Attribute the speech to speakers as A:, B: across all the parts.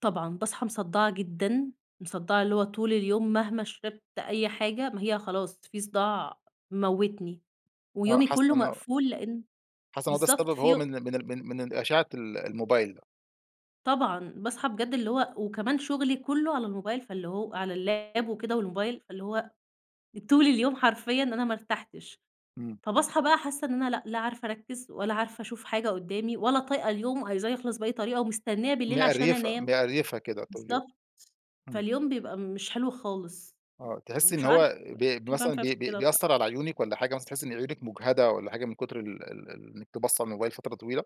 A: طبعًا باصحي مصدعة جدًا، مصدعة اللي هو طول اليوم مهما شربت أي حاجة ما هي خلاص في صداع مموتني
B: آه
A: ويومي
B: حاسة
A: كله
B: إن هو
A: مقفول، لأن
B: حاسة إن هو ده
A: بالضبط
B: السبب
A: في
B: هو
A: يو
B: من ال من ال من ال من الأشعة ال الموبايل؟
A: طبعًا، باصحي بجد اللي هو، وكمان شغلي كله على الموبايل فاللي هو على اللاب وكده والموبايل، فاللي هو طول اليوم حرفيًا أنا ما ارتحتش.
B: امم.
A: فباصحي بقى حاسة إن أنا لأ، لا عارفة أركز ولا عارفة أشوف حاجة قدَّامي ولا طايقة اليوم، عايزاه يخلص بأي طريقة ومستنية بالليل عشان
B: مقريفة،
A: أنام.
B: مقريفة كده طول اليوم.
A: بالضبط،
B: امم.
A: فاليوم بيبقى مش حلو خالص.
B: آه تحسي إن
A: ومش عارفة
B: هو ب
A: ليه باعمل
B: بمثلًا
A: في
B: بي
A: نفسي
B: بي
A: كده
B: بيأثر
A: بصراحة!
B: على عيونك والّا حاجة مثلًا تحسي إن عيونك مجهدة والّا حاجة من كتر ال ال ال إن أنتِ باصة للموبايل فترة طويلة؟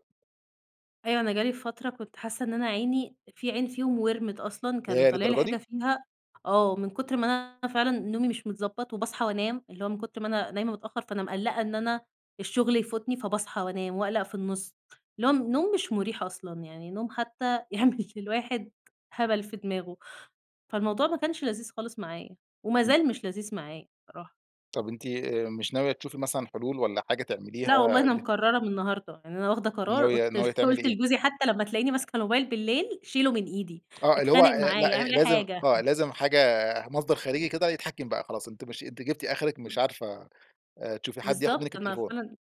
A: أيوه أنا جالي في فترة كنت حاسة إن أنا عيني في عين فيهم وِرمت أصلًا كان
B: ياه!
A: طالع لي
B: للدرجة
A: حاجة
B: دي.
A: فيها آه، من كتر ما أنا فعلًا نومي مش متضبط وباصحي وأنام، اللي هو من كتر ما أنا نايمة متأخر فأنا مقلقة إن أنا الشغل يفوتني، فباصحى وأنام وأقلق في النص. اللي هو نوم مش مُريح أصلًا، يعني نوم حتى يعمل للواحد هبل في دماغه. فالموضوع ما كانش لذيذ خالص معايا،
B: امم.
A: ومازال مش لذيذ معايا الصراحة.
B: طب أنتِ آآ مش ناوية تشوفي مثلًا حلول والّا حاجة تعمليها؟
A: لا والله أنا
B: [unintelligible]
A: مقررة من النهاردة، يعني أنا واخده قرار
B: ناوية
A: قُلْت ل
B: ناوية تعملي
A: قُلْت
B: إيه؟
A: لجوزي حتى لمّا تلاقيني ماسكة موبايل بالليل، شيله من إيدي.
B: آه اللي هو،
A: اتخانق
B: آآ،
A: معايا،
B: لأ،
A: اعمل أي
B: لازم
A: حاجة
B: آه لازم حاجة مصدر خارجي كده يتحكم بقى خلاص، أنتِ مش أنتِ جبتِ آخرك مش
A: امم.
B: عارفة، آآ، تشوفي حد ياخد
A: بالضبط
B: منك
A: أنا
B: التليفون.
A: فعلاً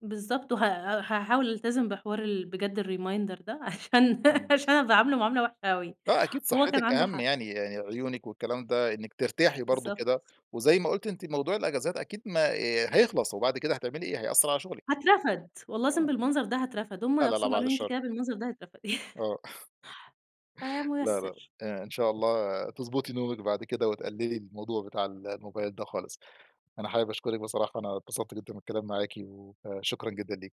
A: بالضبط وها هاحاول ألتزم بحوار ال بجد الreminder ده عشان
B: امم.
A: عشان أنا باعامله معاملة وحشة أوي
B: آه أكيد
A: وهو كان
B: صحتك
A: عنده
B: أهم
A: حق.
B: يعني، عيونك والكلام ده إنك ترتاحي برضه
A: بالضبط.
B: كده، وزي ما قُلْتِ أنتِ موضوع الأجازات أكيد ما هيخلص، وبعد كده هتعملي إيه؟ هيأثر على شغلك.
A: هاترفد. والله العظيم
B: آه.
A: بالمنظر ده هاترفد. هم
B: لا، لا، لأ،
A: نفسهم
B: بَعد
A: قالوا لي: "أنتِ
B: الشر.
A: كده بالمنظر ده هتترفدي"
B: آه
A: فيا
B: لا، لأ،
A: مُيَسِّر.
B: إ إن شاء الله تضبطي نومك بعد كده، وتقللي الموضوع بتاع الموبايل ده خالص. أنا حابب أشكرك بصراحة أنا اتبسطت جدًا بالكلام معاكِ. و فشكرًا جدًا ليكِ.